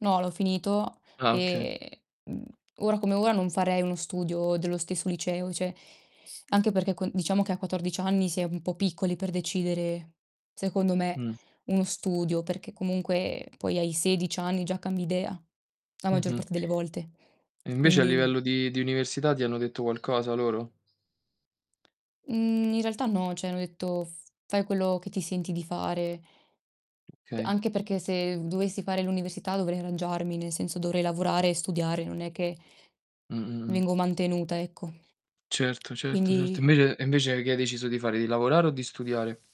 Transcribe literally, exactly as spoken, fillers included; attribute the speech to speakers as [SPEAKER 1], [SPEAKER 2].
[SPEAKER 1] No, l'ho finito,
[SPEAKER 2] Ah, oka
[SPEAKER 1] e mhmm, ora come ora non farei uno studio dello stesso liceo, ceh, anche perché con diciamo che a quattordici anni si è un po' piccoli per decidere, secondo me,
[SPEAKER 2] Mh.
[SPEAKER 1] uno studio, perché comunque, poi, ai sedici anni già cambi idea, la maggior
[SPEAKER 2] Mh-mh.
[SPEAKER 1] parte delle volte.
[SPEAKER 2] E invece a
[SPEAKER 1] Quindi
[SPEAKER 2] livello di di università ti hanno detto qualcosa loro?
[SPEAKER 1] Mhmm, in realtà no, cioè, hanno detto: "F fai quello che ti senti di fare."
[SPEAKER 2] Okay.
[SPEAKER 1] Anche perché se v dovessi fare l'università dovrei arrangiarmi, nel senso dovrei lavorare e studiare, non è che
[SPEAKER 2] Mh. Mh. Mh.
[SPEAKER 1] vengo mantenuta, ecco.
[SPEAKER 2] Certo, certo, certo. E
[SPEAKER 1] Quindi
[SPEAKER 2] invece e invece che hai deciso di fare, di lavorare o di studiare?